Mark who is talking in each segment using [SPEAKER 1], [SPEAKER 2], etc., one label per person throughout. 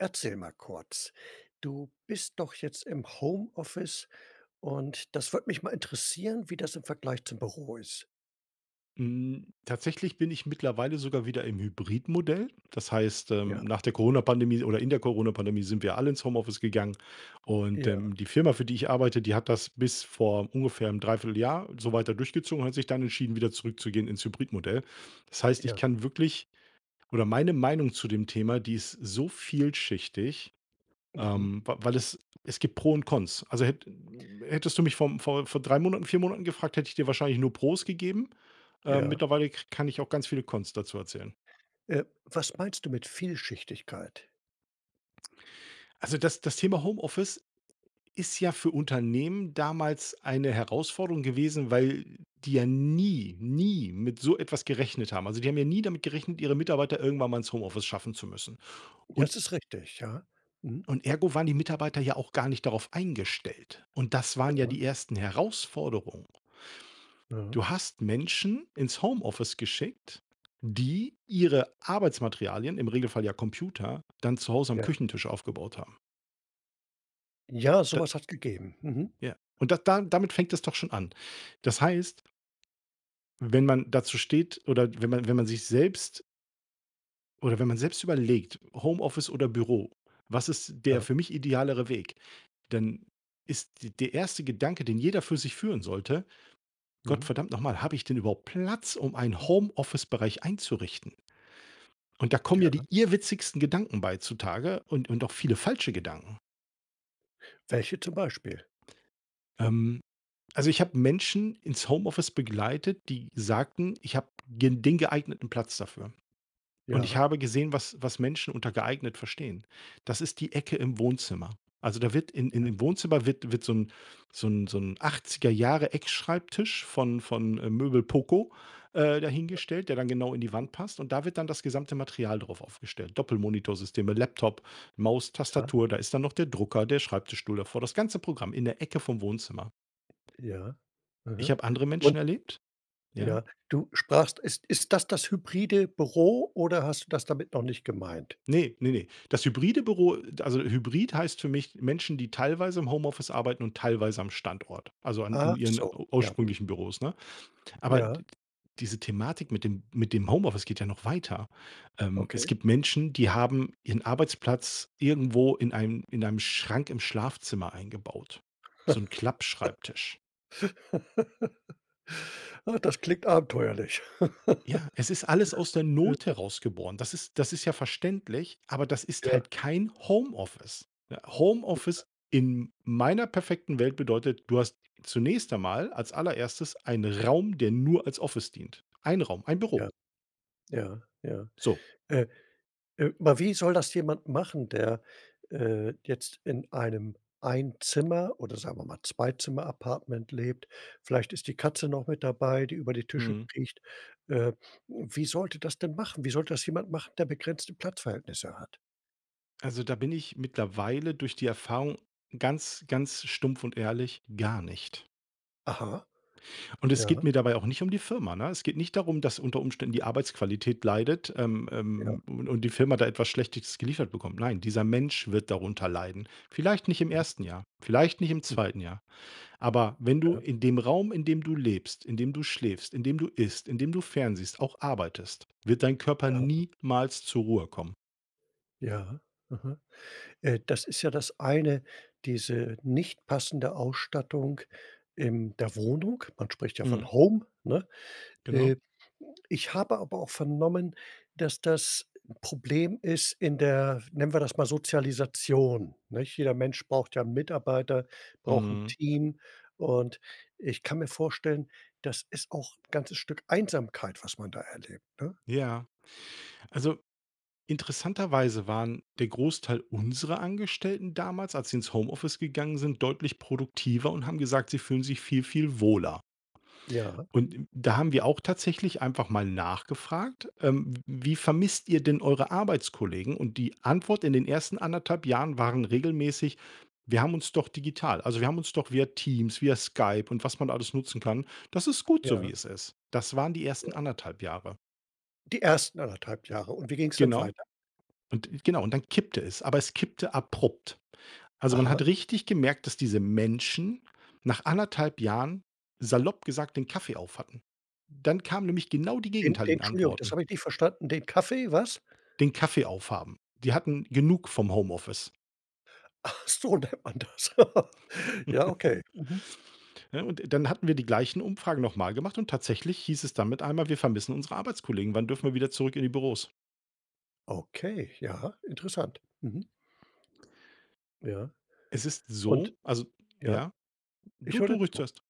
[SPEAKER 1] Erzähl mal kurz. Du bist doch jetzt im Homeoffice. Und das würde mich mal interessieren, wie das im Vergleich zum Büro ist.
[SPEAKER 2] Hm, tatsächlich bin ich mittlerweile sogar wieder im Hybridmodell. Das heißt, ähm,
[SPEAKER 1] Ja.
[SPEAKER 2] nach der Corona-Pandemie oder in der Corona-Pandemie sind wir alle ins Homeoffice gegangen. Und,
[SPEAKER 1] Ja.
[SPEAKER 2] ähm, die Firma, für die ich arbeite, die hat das bis vor ungefähr 'nem Dreivierteljahr so weiter durchgezogen und hat sich dann entschieden, wieder zurückzugehen ins Hybridmodell. Das heißt, ich
[SPEAKER 1] Ja.
[SPEAKER 2] kann wirklich oder meine Meinung zu dem Thema, die ist so vielschichtig,
[SPEAKER 1] Mhm.
[SPEAKER 2] ähm, w weil es es gibt Pro und Cons. Also hät hättest du mich vom vor vor 3 Monaten, 4 Monaten gefragt, hätte ich dir wahrscheinlich nur Pros gegeben, äh.
[SPEAKER 1] Ja.
[SPEAKER 2] Mittlerweile ka kann ich auch ganz viele Cons dazu erzählen.
[SPEAKER 1] Äh, was meinst du mit Vielschichtigkeit?
[SPEAKER 2] Also, das das Thema Homeoffice ist ja für Unternehmen damals eine Herausforderung gewesen, weil die ja nie, nie mit so etwas gerechnet haben. Also, die haben ja nie damit gerechnet, ihre Mitarbeiter irgendwann mal ins Homeoffice schaffen zu müssen, und
[SPEAKER 1] Das ist richtig, ja. Mhm.
[SPEAKER 2] und ergo waren die Mitarbeiter ja auch gar nicht darauf eingestellt. Und das waren ja
[SPEAKER 1] Ja.
[SPEAKER 2] die ersten Herausforderungen.
[SPEAKER 1] Ja.
[SPEAKER 2] Du hast Menschen ins Homeoffice geschickt, die ihre Arbeitsmaterialien, im Regelfall ja Computer, dann zu Hause am
[SPEAKER 1] Ja.
[SPEAKER 2] Küchentisch aufgebaut haben.
[SPEAKER 1] Ja,
[SPEAKER 2] Da
[SPEAKER 1] sowas hat's gegeben. Mhm.
[SPEAKER 2] Ja, und da da damit fängt es doch schon an. Das heißt wenn man dazu steht oder wenn man wenn man sich selbst oder wenn man selbst überlegt: „Homeoffice oder Büro. Was ist der
[SPEAKER 1] Ja.
[SPEAKER 2] für mich idealere Weg?“ Dann ist der erste Gedanke, den jeder für sich führen sollte: „Gott
[SPEAKER 1] Mhm.
[SPEAKER 2] verdammt noch mal, habe ich denn überhaupt Platz, um einen Home-Office-Bereich einzurichten?“ Und da kommen ja die
[SPEAKER 1] Ja.
[SPEAKER 2] irrwitzigsten Gedanken bei zutage und und auch viele falsche Gedanken.
[SPEAKER 1] Welche zum Beispiel?
[SPEAKER 2] Ähm, also, ich habe Menschen ins Homeoffice begleitet, die sagten: „Ich habe g den geeigneten Platz dafür.“ Und ich
[SPEAKER 1] Ja.
[SPEAKER 2] habe gesehen, was was Menschen unter geeignet verstehen. Das ist die Ecke im Wohnzimmer. Also, da wird in im
[SPEAKER 1] Ja.
[SPEAKER 2] im Wohnzimmer wird wird so 'n so 'n so 'n 80er Jahre Eckschreibtisch von von, äh, Möbel Poco, äh,
[SPEAKER 1] Ja.
[SPEAKER 2] dahingestellt, der dann genau in die Wand passt. Und da wird dann das gesamte Material drauf aufgestellt, Doppelmonitorsysteme, Laptop, Maus,
[SPEAKER 1] Ja.
[SPEAKER 2] Tastatur. Da ist dann noch der Drucker, der Schreibtischstuhl davor, das ganze Programm, in der Ecke vom Wohnzimmer.
[SPEAKER 1] Ja.
[SPEAKER 2] Ich
[SPEAKER 1] Aha.
[SPEAKER 2] habe andere
[SPEAKER 1] Und
[SPEAKER 2] Menschen erlebt Ja.
[SPEAKER 1] Ja, du sprachst ist ist das das hybride Büro, oder hast du das damit noch nicht gemeint?
[SPEAKER 2] Ne, ne, ne. Das hybride Büro also, Hybrid heißt für mich Menschen, die teilweise im Homeoffice arbeiten und teilweise am Standort. Also, an in
[SPEAKER 1] Ach
[SPEAKER 2] ihren
[SPEAKER 1] so, ja.
[SPEAKER 2] ursprünglichen Büros, ne? Aber
[SPEAKER 1] Ja.
[SPEAKER 2] d d diese Thematik mit dem mit dem Homeoffice geht ja noch weiter. Ähm, es
[SPEAKER 1] Okay.
[SPEAKER 2] gibt Menschen, die haben ihren Arbeitsplatz irgendwo in einem in einem Schrank im Schlafzimmer eingebaut, so 'n Klappschreibtisch.
[SPEAKER 1] Ah, das klingt abenteuerlich.
[SPEAKER 2] Ja, es ist alles aus der
[SPEAKER 1] [unintelligible]
[SPEAKER 2] Not heraus geboren. Das ist das ist ja verständlich, aber das ist
[SPEAKER 1] Ja.
[SPEAKER 2] halt kein Homeoffice.
[SPEAKER 1] Ja.
[SPEAKER 2] Homeoffice in meiner perfekten Welt bedeutet: Du hast zunächst einmal als allererstes einen Raum, der nur als Office dient, ein Raum, ein Büro.
[SPEAKER 1] Ja. Ja, ja.
[SPEAKER 2] So.
[SPEAKER 1] Äh, äh, aber wie soll das jemand machen, der, äh, jetzt in einem Ein-Zimmer oder sagen wir mal, Zwei-Zimmer-Apartment lebt? Vielleicht ist die Katze noch mit dabei, die über die Tische
[SPEAKER 2] Mhm.
[SPEAKER 1] kriecht. Äh, wie soll der das denn machen? Wie soll das jemand machen, der begrenzte Platzverhältnisse hat?
[SPEAKER 2] Also da bin ich mittlerweile durch die Erfahrung ganz, ganz stumpf und ehrlich, gar nicht.
[SPEAKER 1] Aha.
[SPEAKER 2] Und es geht
[SPEAKER 1] Ja.
[SPEAKER 2] mir dabei auch nicht um die Firma, ne? Es geht nicht darum, dass unter Umständen die Arbeitsqualität leidet, ähm
[SPEAKER 1] Ja.
[SPEAKER 2] ähm u und die Firma da etwas Schlechtes geliefert bekommt. Nein, dieser Mensch wird darunter leiden. Vielleicht nicht im
[SPEAKER 1] Mhm.
[SPEAKER 2] 1. Jahr, vielleicht nicht im
[SPEAKER 1] [unintelligible]
[SPEAKER 2] 2. Jahr. Aber wenn du
[SPEAKER 1] Ja.
[SPEAKER 2] in dem Raum, in dem du lebst, in dem du schläfst, in dem du isst, in dem du fern siehst, auch arbeitest, wird dein Körper
[SPEAKER 1] Ja.
[SPEAKER 2] niemals zur Ruhe kommen.
[SPEAKER 1] Ja, aha äh, das ist ja das eine. Diese nicht passende Ausstattung in der Wohnung. Man spricht ja
[SPEAKER 2] Mhm.
[SPEAKER 1] von Home, ne?
[SPEAKER 2] Genau.
[SPEAKER 1] Äh, ich habe aber auch vernommen, dass, das Problem ist, in der, nennen wir das mal, Sozialisation, nech? Jeder Mensch braucht ja Mitarbeiter, braucht 'n
[SPEAKER 2] Mhm.
[SPEAKER 1] Team. Und ich kann mir vorstellen, das ist auch ganzes Stück Einsamkeit, was man da erlebt, ne?
[SPEAKER 2] Ja, also interessanterweise waren der Großteil unserer Angestellten damals, als sie ins Homeoffice gegangen sind, deutlich produktiver und haben gesagt, sie fühlen sich viel, viel wohler.
[SPEAKER 1] Ja.
[SPEAKER 2] Und d da haben wir auch tatsächlich einfach mal nachgefragt. Ähm: „Wie vermisst ihr denn eure Arbeitskollegen?" Und die Antwort in den ersten 1 1/2 Jahren waren regelmäßig: „Wir haben uns doch digital. Also, wir haben uns doch via Teams, via Skype und was man alles nutzen kann. Das ist gut so, wie
[SPEAKER 1] Ja.
[SPEAKER 2] es ist." Das waren die
[SPEAKER 1] Ja.
[SPEAKER 2] 1. 1 1/2 Jahre.
[SPEAKER 1] Die 1. 1 1/2 Jahre. Und wie ging es dann
[SPEAKER 2] Genau.
[SPEAKER 1] weiter?
[SPEAKER 2] Und genau. Und dann kippte es, aber es kippte abrupt. Also, man
[SPEAKER 1] Aha.
[SPEAKER 2] hat richtig gemerkt, dass diese Menschen nach 1 1/2 Jahren, salopp gesagt, den Kaffee aufhatten. Dann kamen nämlich genau die
[SPEAKER 1] En
[SPEAKER 2] gegenteiligen
[SPEAKER 1] Entschuldigung, das
[SPEAKER 2] Antworten.
[SPEAKER 1] habe ich nicht verstanden. Den Kaffee, was?
[SPEAKER 2] Den Kaffee aufhaben. Wir hatten genug vom Homeoffice.
[SPEAKER 1] Ach so nennt man das. Ja, okay, mhm.
[SPEAKER 2] Ne, und dann hatten wir die gleichen Umfragen noch mal gemacht und tatsächlich hieß es dann mit einmal: „Wir vermissen unsere Arbeitskollegen. Wann dürfen wir wieder zurück in die Büros?“
[SPEAKER 1] Okay, ja, interessant. Mhm. Ja
[SPEAKER 2] Es ist
[SPEAKER 1] und
[SPEAKER 2] so also,
[SPEAKER 1] ja?
[SPEAKER 2] ja?
[SPEAKER 1] Ich
[SPEAKER 2] Du
[SPEAKER 1] höre
[SPEAKER 2] du
[SPEAKER 1] dir
[SPEAKER 2] ruhig
[SPEAKER 1] zu.
[SPEAKER 2] zuerst.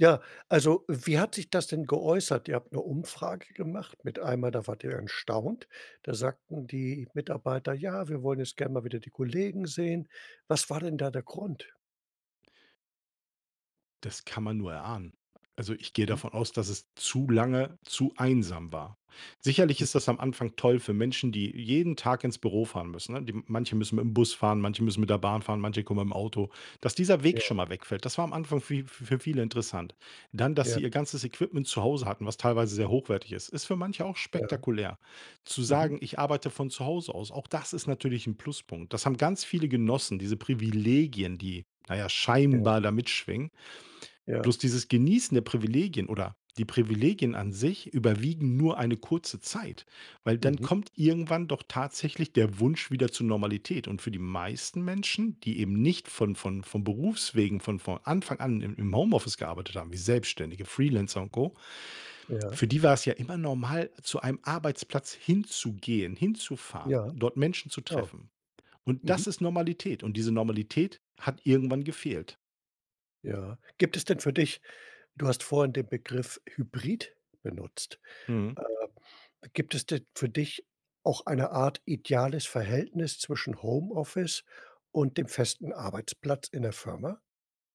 [SPEAKER 1] Ja. Also, wie hat sich das denn geäußert? Ihr habt 'ne Umfrage gemacht, mit einmal, da wart ihr erstaunt, da sagten die Mitarbeiter: „Ja, wir wollen jetzt gern mal wieder die Kollegen sehen.“ Was war denn da der Grund?
[SPEAKER 2] Das kann man nur erahnen. Also, ich gehe
[SPEAKER 1] Mhm.
[SPEAKER 2] davon aus, dass es zu lange zu einsam war. Sicherlich ist
[SPEAKER 1] Mhm.
[SPEAKER 2] das am Anfang toll für Menschen, die jeden Tag ins Büro fahren müssen, ne? Die manche müssen mit dem Bus fahren, manche müssen mit der Bahn fahren, manche kommen mit'm Auto. Dass dieser
[SPEAKER 1] Ja.
[SPEAKER 2] Weg schon mal wegfällt, das war am Anfang für f für viele interessant. Dann, dass
[SPEAKER 1] Ja.
[SPEAKER 2] sie ihr ganzes Equipment zu Hause hatten, was teilweise sehr hochwertig ist, ist für manche auch
[SPEAKER 1] Ja.
[SPEAKER 2] spektakulär. Zu sagen:
[SPEAKER 1] Mhm.
[SPEAKER 2] „Ich arbeite von zu Hause aus,” auch das ist natürlich 'n Pluspunkt. Das haben ganz viele genossen, diese Privilegien, die na ja,
[SPEAKER 1] Ja.
[SPEAKER 2] scheinbar da mitschwingen.
[SPEAKER 1] Ja.
[SPEAKER 2] Bloß, dieses Genießen der Privilegien oder die Privilegien an sich überwiegen nur eine kurze Zeit, weil dann
[SPEAKER 1] Mhm.
[SPEAKER 2] kommt irgendwann doch tatsächlich der Wunsch wieder zur Normalität. Und für die meisten Menschen, die eben nicht von von von Berufswegen von von Anfang an im im Home-Office gearbeitet haben, wie Selbstständige, Freelancer und Co.
[SPEAKER 1] Ja.
[SPEAKER 2] Für die war's ja immer normal, zu einem Arbeitsplatz hinzugehen, hinzufahren,
[SPEAKER 1] Ja,
[SPEAKER 2] dort Menschen zu
[SPEAKER 1] so.
[SPEAKER 2] treffen. Und
[SPEAKER 1] Mhm.
[SPEAKER 2] das ist Normalität. Und diese Normalität hat irgendwann gefehlt.
[SPEAKER 1] Ja. Gibt es denn für dich du hast vorhin den Begriff Hybrid benutzt.
[SPEAKER 2] Mhm.
[SPEAKER 1] Äh, gibt es denn für dich auch eine Art ideales Verhältnis zwischen Homeoffice und dem festen Arbeitsplatz in der Firma?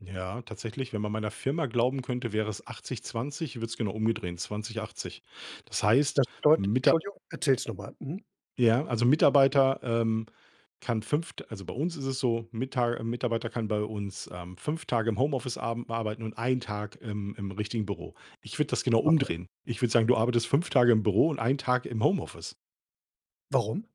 [SPEAKER 2] Ja, tatsächlich. Wenn man meiner Firma glauben könnte, wäre es 80 20, ich würde es genau umdrehen, 20 80. Das heißt
[SPEAKER 1] Das bedeutet
[SPEAKER 2] Mita
[SPEAKER 1] Entschuldigung, erzähl's noch mal, mhm.
[SPEAKER 2] Ja, also Mitarbeiter, ähm, kann 5 d also bei uns ist es so Mita äh, Mitarbeiter kann bei uns, ähm, 5 Tage im Homeoffice abem arbeiten und einen Tag im im richtigen Büro. Ich würde das genau
[SPEAKER 1] Aha.
[SPEAKER 2] umdrehen. Ich würde sagen, du arbeitest 5 Tage im Büro und einen Tag im Homeoffice.
[SPEAKER 1] Warum?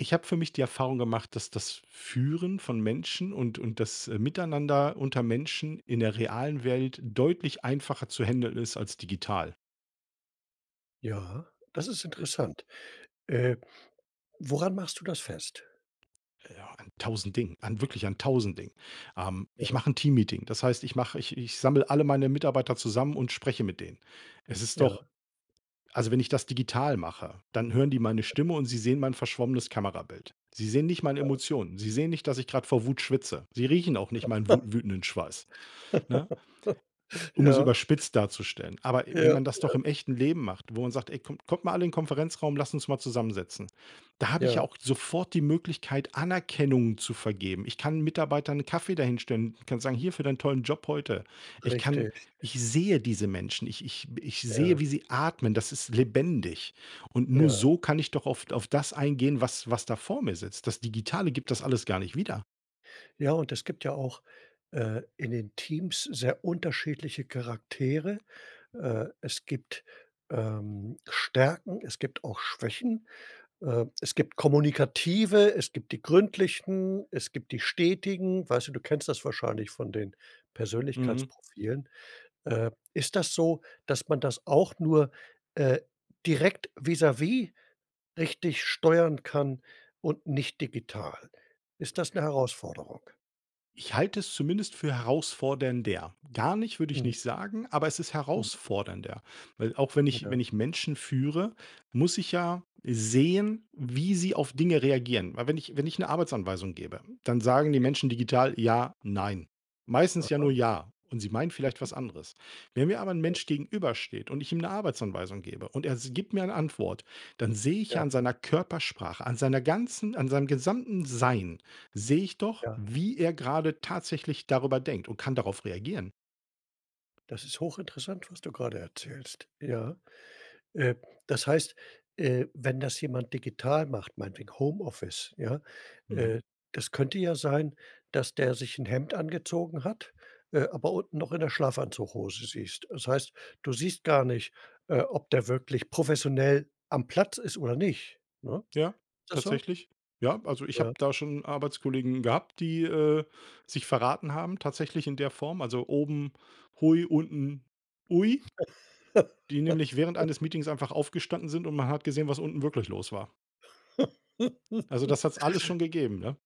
[SPEAKER 2] Ich habe für mich die Erfahrung gemacht, dass das Führen von Menschen und und das, äh, Miteinander unter Menschen in der realen Welt deutlich einfacher zu händeln ist als digital.
[SPEAKER 1] Ja, das ist
[SPEAKER 2] Äh.
[SPEAKER 1] interessant. Äh, woran machst du das fest?
[SPEAKER 2] Ja an 1000 Dingen. An wirklich an 1000 Dingen. Ähm, ich
[SPEAKER 1] Ja.
[SPEAKER 2] mache 'n Teammeeting. Das heißt, ich mache ich ich sammle alle meine Mitarbeiter zusammen und spreche mit denen. Es ist doch
[SPEAKER 1] Ja.
[SPEAKER 2] also, wenn ich das digital mache, dann hören die meine
[SPEAKER 1] [unintelligible]
[SPEAKER 2] Stimme, und sie sehen mein verschwommenes Kamerabild. Sie sehen nicht meine
[SPEAKER 1] Ja.
[SPEAKER 2] Emotionen. Sie sehen nicht, dass ich gerade vor Wut schwitze. Sie riechen auch nicht meinen wu wütenden Schweiß, ne? Um es
[SPEAKER 1] Ja.
[SPEAKER 2] überspitzt darzustellen. Aber
[SPEAKER 1] Ja,
[SPEAKER 2] wenn man das doch
[SPEAKER 1] ja.
[SPEAKER 2] im echten Leben macht, wo man sagt: „Ey kommt kommt mal alle in Konferenzraum, lasst uns mal zusammensetzen.“ Da habe ich
[SPEAKER 1] Ja.
[SPEAKER 2] ja auch sofort die Möglichkeit, Anerkennung zu vergeben. Ich kann Mitarbeitern 'n Kaffee da hinstellen. Ich kann sagen: „Hier, für deinen tollen Job heute.“ Ich kann
[SPEAKER 1] Richtig.
[SPEAKER 2] ich sehe diese Menschen. Ich ich ich
[SPEAKER 1] Ja.
[SPEAKER 2] sehe, wie sie atmen. Das ist lebendig und nur
[SPEAKER 1] Ja.
[SPEAKER 2] so kann ich doch auf auf das eingehen, was was da vor mir sitzt. Das Digitale gibt das alles gar nicht wieder.
[SPEAKER 1] Ja, und es gibt ja auch, äh, in den Teams sehr unterschiedliche Charaktere. Äh, es gibt, ähm, Stärken. Es gibt auch Schwächen. Äh, es gibt Kommunikative. Es gibt die gründlichen. Es gibt die stetigen. Weißt du, du kennst das wahrscheinlich von den
[SPEAKER 2] Mhm.
[SPEAKER 1] Persönlichkeitsprofilen. Äh, ist das so, dass man das auch nur, äh, direkt vis-à-vis richtig steuern kann und nicht digital, ist das 'ne Herausforderung?
[SPEAKER 2] Ich halte es zumindest für herausfordernder. Gar nicht, würde ich
[SPEAKER 1] Mhm.
[SPEAKER 2] nicht sagen. Aber es ist
[SPEAKER 1] Mhm.
[SPEAKER 2] herausfordernder. Weil auch wenn ich
[SPEAKER 1] Ja.
[SPEAKER 2] wenn ich Menschen führe, muss ich ja sehen, wie sie auf Dinge reagieren. Weil wenn ich wenn ich 'ne Arbeitsanweisung gebe, dann sagen die
[SPEAKER 1] [unintelligible]
[SPEAKER 2] Menschen digital: „Ja, nein“. Meistens ja
[SPEAKER 1] Aha.
[SPEAKER 2] nur „ja“. Und sie meinen vielleicht
[SPEAKER 1] Mhm.
[SPEAKER 2] was anderes. Wenn mir aber 'n
[SPEAKER 1] Ja.
[SPEAKER 2] Mensch gegenübersteht und ich ihm 'ne Arbeitsanweisung gebe und er s gibt mir eine Antwort, dann sehe ich
[SPEAKER 1] Ja.
[SPEAKER 2] ja an seiner Körpersprache, an seiner ganzen an seinem gesamten Sein sehe ich doch,
[SPEAKER 1] Ja.
[SPEAKER 2] wie er gerade tatsächlich darüber denkt und kann darauf reagieren.
[SPEAKER 1] Das ist hochinteressant, was du gerade erzählst, ja? Äh, das heißt, äh, wenn das jemand digital macht, meinetwegen Homeoffice, ja,
[SPEAKER 2] Mhm.
[SPEAKER 1] äh, das könnte ja sein, dass der sich 'n Hemd angezogen hat, äh, aber unten noch in der Schlafanzughose siehst. Das heißt, du siehst gar nicht, äh, ob der wirklich professionell am Platz ist oder nicht, ne?
[SPEAKER 2] Ja,
[SPEAKER 1] Ist das so?
[SPEAKER 2] tatsächlich. Ja, also, ich habe
[SPEAKER 1] Ja.
[SPEAKER 2] da schon Arbeitskollegen gehabt, die, äh, sich verraten haben, tatsächlich in der Form. Also, oben hui unten ui. Die nämlich während eines Meetings einfach aufgestanden sind, und man hat gesehen, was unten wirklich los war. Also, das hat's alles schon gegeben, ne?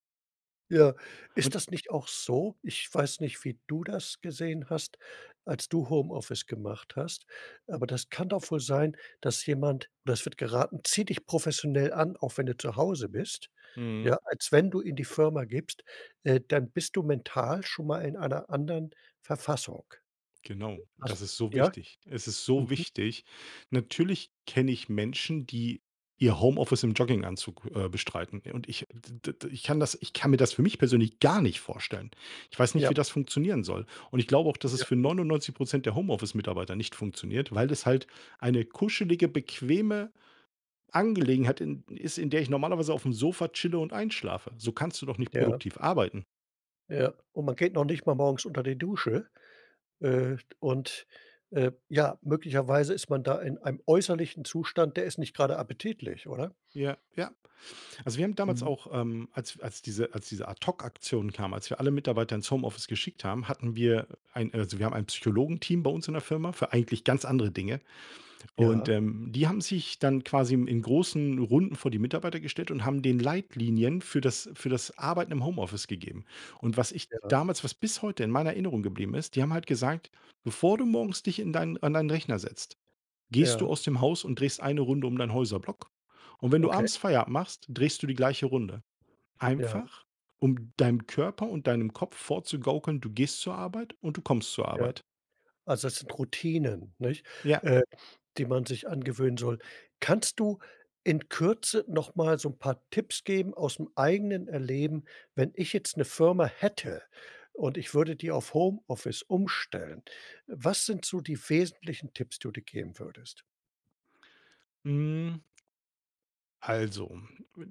[SPEAKER 1] Ja. Ist
[SPEAKER 2] Und
[SPEAKER 1] das nicht auch so? Ich weiß nicht, wie du das gesehen hast, als du Homeoffice gemacht hast. Aber das kann doch wohl sein, dass jemand das wird geraten: „Zieh dich professionell an. Auch wenn du zu Hause bist.
[SPEAKER 2] Mhm.
[SPEAKER 1] Ja, als wenn du in die Firma gibst. Äh, dann bist du mental schon mal in einer anderen Verfassung.“
[SPEAKER 2] Genau. Und
[SPEAKER 1] Has
[SPEAKER 2] das ist so
[SPEAKER 1] ja?
[SPEAKER 2] wichtig. Es ist so
[SPEAKER 1] Mhm.
[SPEAKER 2] wichtig. Natürlich kenne ich Menschen, die ihr Homeoffice im Jogginganzug, äh, bestreiten. Und ich d d d ich kann das ich kann mir das für mich persönlich gar nicht vorstellen. Ich weiß nicht, wie
[SPEAKER 1] Ja.
[SPEAKER 2] das funktionieren soll. Und ich glaube auch, dass es
[SPEAKER 1] Ja.
[SPEAKER 2] für 99 % der Homeoffice-Mitarbeiter nicht funktioniert, weil es halt eine kuschelige, bequeme Angelegenheit in ist, in der ich normalerweise aufm Sofa chille und einschlafe, so kannst du doch nicht
[SPEAKER 1] Ja.
[SPEAKER 2] produktiv arbeiten.
[SPEAKER 1] Ja, und man geht noch nicht mal morgens unter die Dusche. Äh, und, äh, ja, möglicherweise ist man da in einem äußerlichen Zustand, der ist nicht gerade appetitlich, oder?
[SPEAKER 2] Ja, ja. Also, wir haben damals
[SPEAKER 1] Mhm.
[SPEAKER 2] auch, ähm, als als diese als diese Ad-Hoc-Aktion kam. Als wir alle Mitarbeiter ins Homeoffice geschickt haben, hatten wir, äh, ein also, wir haben ein Psychologenteam bei uns in der Firma für eigentlich ganz andere Dinge. Und,
[SPEAKER 1] Ja.
[SPEAKER 2] ähm, die haben sich dann quasi im in großen Runden vor die Mitarbeiter gestellt und haben den Leitlinien für das für das Arbeiten im Homeoffice gegeben. Und was ich
[SPEAKER 1] Ja.
[SPEAKER 2] damals was bis heute in meiner Erinnerung geblieben ist. Die haben halt gesagt: „Bevor du morgens dich in dein an deinen Rechner setzt, gehst du
[SPEAKER 1] Ja.
[SPEAKER 2] aus dem Haus und drehst eine Runde um deinen Häuserblock. Und wenn du
[SPEAKER 1] Okay.
[SPEAKER 2] abends Feierabend machst, drehst du die gleiche Runde.“
[SPEAKER 1] Ja.
[SPEAKER 2] Einfach, um deinem Körper und deinem Kopf vorzugaukeln, du gehst zur Arbeit und du kommst zur
[SPEAKER 1] Ja.
[SPEAKER 2] Arbeit.
[SPEAKER 1] Also, das sind Routinen, nicht,
[SPEAKER 2] Ja.
[SPEAKER 1] äh, die man sich angewöhnen soll. Kannst du in Kürze noch mal so 'n paar Tipps geben ausm eigenen Erleben? Wenn ich jetzt 'ne Firma hätte und ich würde die auf Homeoffice umstellen. Was sind so die wesentlichen Tipps, die du geben würdest?
[SPEAKER 2] Hm also,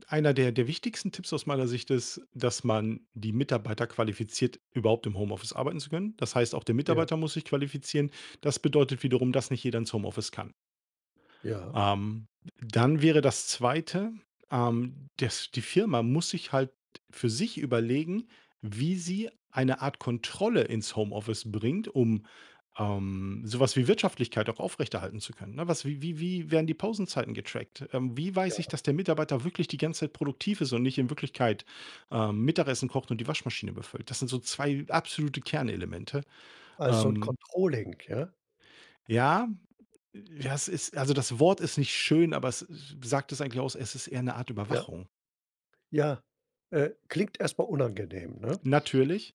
[SPEAKER 2] einer der der wichtigsten Tipps aus meiner Sicht ist, dass man die Mitarbeiter qualifiziert, überhaupt im Homeoffice arbeiten zu können. Das heißt, auch der
[SPEAKER 1] Ja.
[SPEAKER 2] Mitarbeiter muss sich qualifizieren. Das bedeutet wiederum, dass nicht jeder ins Homeoffice kann.
[SPEAKER 1] Ja.
[SPEAKER 2] Ähm, d dann wäre das zweite, ähm, dass die Firma muss sich halt für sich überlegen, wie sie eine Art Kontrolle ins Homeoffice bringt, um, ähm, so was wie Wirtschaftlichkeit auch aufrechterhalten zu können, ne? Was wie wie werden die Pausenzeiten getrackt? Ähm, wie weiß ich,
[SPEAKER 1] Ja.
[SPEAKER 2] dass der Mitarbeiter wirklich die ganze Zeit produktiv ist und nicht in Wirklichkeit, ähm, Mittagessen kocht und die Waschmaschine befüllt? Das sind so 2 absolute Kernelemente.
[SPEAKER 1] Also, 'n
[SPEAKER 2] Ähm
[SPEAKER 1] Controlling, ja?
[SPEAKER 2] Ja, äh, ja, es ist also, das Wort ist nicht schön, aber es s sagt es eigentlich aus. Es ist eher 'ne Art
[SPEAKER 1] Ja.
[SPEAKER 2] Überwachung.
[SPEAKER 1] Ja, äh, klingt erstmal unangenehm, ne?
[SPEAKER 2] Natürlich.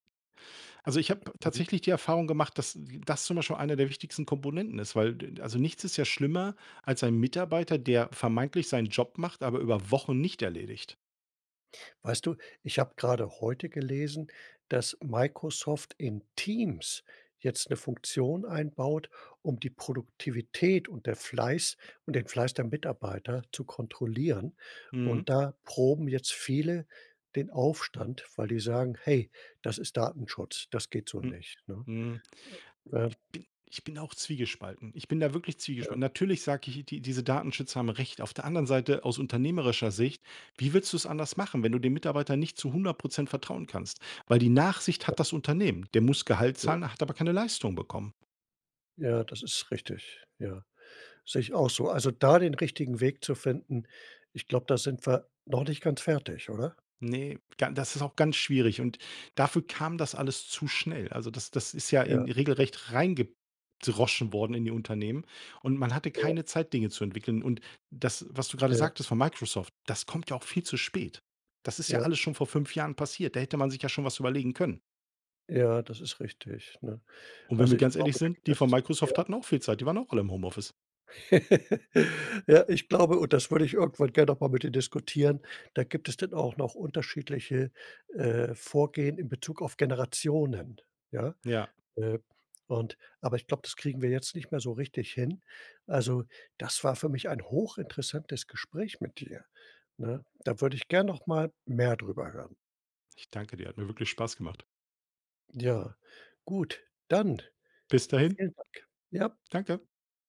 [SPEAKER 2] Also, ich habe
[SPEAKER 1] Mhm.
[SPEAKER 2] tatsächlich die Erfahrung gemacht, dass w das zum Beispiel einer der wichtigsten Komponenten ist, weil d äh, d also, nichts ist ja schlimmer als ein Mitarbeiter, der vermeintlich seinen Job macht, aber über Wochen nicht erledigt.
[SPEAKER 1] Weißt du, ich habe grade heute gelesen, dass Microsoft in Teams jetzt 'ne Funktion einbaut, um die Produktivität und der Fleiß und den Fleiß der Mitarbeiter zu kontrollieren.
[SPEAKER 2] Mhm.
[SPEAKER 1] Und da proben jetzt viele den Aufstand, weil die sagen: „Hey, das ist Datenschutz. Das geht so
[SPEAKER 2] Hm.
[SPEAKER 1] nicht”, ne?
[SPEAKER 2] Mhm.
[SPEAKER 1] Äh, äh.
[SPEAKER 2] Ich bin ich bin auch zwiegespalten. Ich bin da wirklich
[SPEAKER 1] Ja.
[SPEAKER 2] zwiegespalten. Natürlich sage ich die diese Datenschützer haben recht, auf der anderen Seite, aus unternehmerischer Sicht, wie willst du's anders machen, wenn du dem Mitarbeiter nicht zu 100 % vertrauen kannst? Weil die Nachsicht
[SPEAKER 1] Ja.
[SPEAKER 2] hat das Unternehmen. Der muss Gehalt
[SPEAKER 1] Ja.
[SPEAKER 2] zahlen, hat aber keine Leistung bekommen.
[SPEAKER 1] Ja, das ist richtig. Ja, sehe ich auch so. Also da den richtigen Weg zu finden, ich glaube, da sind wir noch nicht ganz fertig, oder?
[SPEAKER 2] Ne, ga das ist auch ganz schwierig. Und dafür kam das alles zu schnell. Also, das das ist ja in
[SPEAKER 1] Ja.
[SPEAKER 2] regelrecht reingedroschen worden in die Unternehmen. Und man hatte
[SPEAKER 1] Ja.
[SPEAKER 2] keine Zeit, Dinge zu entwickeln. Und das, was du grade
[SPEAKER 1] Ja.
[SPEAKER 2] sagtest von Microsoft, das kommt ja auch viel zu spät. Das ist ja
[SPEAKER 1] Ja.
[SPEAKER 2] alles schon vor 5 Jahren passiert. Da hätte man sich ja schon was überlegen können.
[SPEAKER 1] Ja, das ist richtig, ne?
[SPEAKER 2] Und wenn wir
[SPEAKER 1] Also, ich
[SPEAKER 2] ganz ehrlich
[SPEAKER 1] glaube, da
[SPEAKER 2] sind,
[SPEAKER 1] gibt
[SPEAKER 2] die von
[SPEAKER 1] es ja?
[SPEAKER 2] Microsoft hatten auch viel Zeit. Die waren auch alle im Homeoffice.
[SPEAKER 1] Ja, ich glaube, und das würde ich irgendwann gerne noch mal mit dir diskutieren, da gibt es dann auch noch unterschiedliche, äh, Vorgehen im Bezug auf Generationen. Ja,
[SPEAKER 2] Ja.
[SPEAKER 1] äh, und aber ich glaube, das kriegen wir jetzt nicht mehr so richtig hin. Also, das war für mich ein hochinteressantes Gespräch mit dir, ne? Da würde ich gern noch mal mehr drüber hören.
[SPEAKER 2] Ich danke dir, hat mir wirklich Spaß gemacht.
[SPEAKER 1] Ja, gut, dann,
[SPEAKER 2] Bis dahin.
[SPEAKER 1] vielen Dank, ja.
[SPEAKER 2] Danke.